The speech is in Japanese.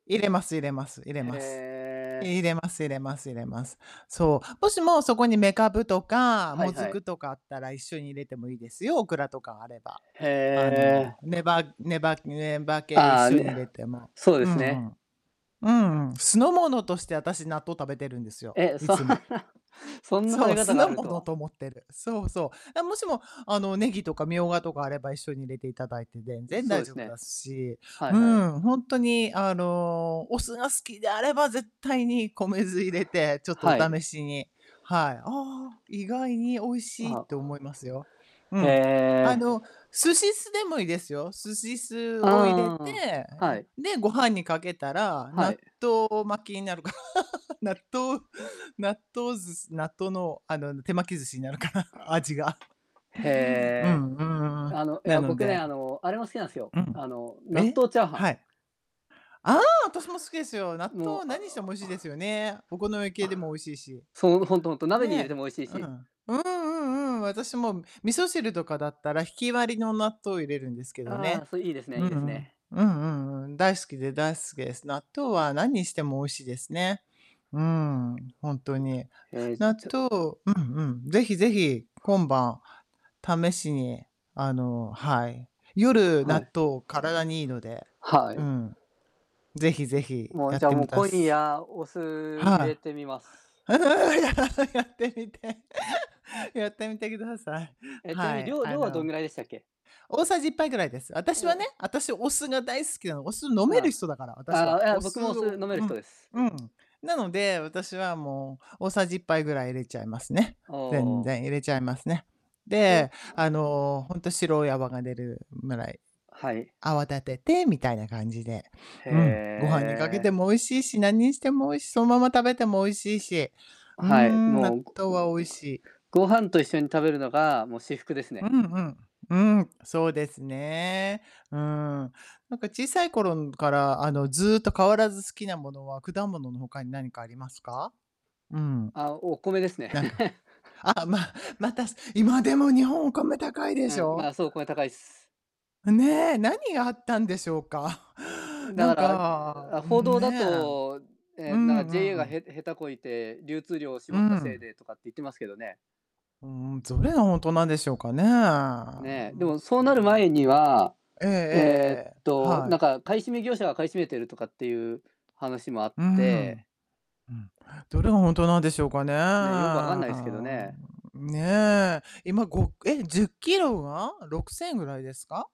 入れます入れます入れへます。え。入れます入れます入れます。そう、もしも、そこに、めかぶとかはもいずはい。くとかあったら一緒に入れてもいいですよ、オクラとかあれば。へあえ。の、ねばねばねば系一ああ、緒に入ね、れても、そうでうすんね。うん。うんうん。酢の物として、あたし、納豆食べてるんですよ、え、いそつも。そんな食そべう、方酢があのるもとのはと思ってる。そうそう。あ、もしも、あの、ネギとかミョウガとかあれば、一緒に入れていただいて全う、然そう大で丈す夫ね。だし、はういはい。ん、ほんとに、あの、お酢が好きであれば、絶対に米酢入れて、ちょっとはおい。試しに、はい。ああ、意外に美味あ、しいっは。て、思いますよ。うへん。あえ。の、寿司酢でもいいですよ。寿司酢ああを入れて、ああ、あ、あ、はえ、い。で、ご飯にかけたら、は納い。豆巻きになるか。納豆納豆寿司納豆の、あの、手巻き寿司になるかな、味が。うへえ。んうん、ううん。あの、いなや、の僕ね、で。あの、あれも好きなんすよ、うん。あの、納え、豆チャーハン。はい。ああ、あたしも好きですよ。納もう、豆あ何してもの美味しいですよね。お好み系でも美味しいし。そう、ほんとほんと、鍋に入れてねもおいしいえ。うし。ん。うんうんうん、私も、味噌汁とかだったらひき割りの納豆入れるんですけどああ、ね。そいいですね、ういんいうですん。ね。うんうんうん、大好きで大好きです。納豆はなんにしても美味しいですね。うん、ほんとに。ええ、納ちょ豆うん、うん、是非是非、今晩、試しに、あの、はい。夜、は納い。豆、体にいいので。はうい。ん。ぜひぜひ、もう、やじっゃあ、て、もう、もた今す。夜、お酢入れはてみます。い。ややってみて。やってみてください。え、ちなみはに、い、量あ量はどんの、ぐらいでしたっけ？大さじ1杯ぐらいです、あたしおはね、お。あたし、お酢が大好きなの。お酢、飲めるあ人だから、あ、私あは。あ、いや、お僕も酢それ、飲をめるう人ん、です。うん。なので、私はもう、大さじ1杯ぐらい入れちゃいますね。あ全あ。然、入れちゃいますね。とで、あの、ほんと、白い泡が出るぐらい、はい。泡立てて、みたいな感じで、へうん。ご飯にかけてえ。も美味しいし、なんにしてもおいしそんまま食べても美味しいし。うーはい、ん、も納う、ご豆は美味しい。ご飯と一緒に食べるのが、もう、至福ですうね。んうん、うーん、そうですね、うん。なんか小さい頃、ん、から、あの、ずっと変わらず好きなものは、果物の他に何かありますか？うん。あ、お米ですね。なんか ああ、まあ、また、す今、でも、日本お米高いでうしん、まょ？あ、そう、米高いっす。ねえ、何があったんでしょうか？うん、なだかんら、う-う、か、あ、報ん、道だねえ。と、うえ、なんか、JA んうが、ん。へ下手こいて、流通量をう絞ったせいん。でとかって言ってますけどね。うーん、どれがほんとなんでしょうかね、ねえ、でも、もそううーなるん、前にもは、えええええっええ、と、はない。んか買い占め業者が買い占めてるとかってゆう話もあっうーてん。うん、どれがほんとなんでしょうかね、ね、よく分かんあないすけどあ、ね。うん。ねえ。今、ごえ、10キロは6000ぐらいですか？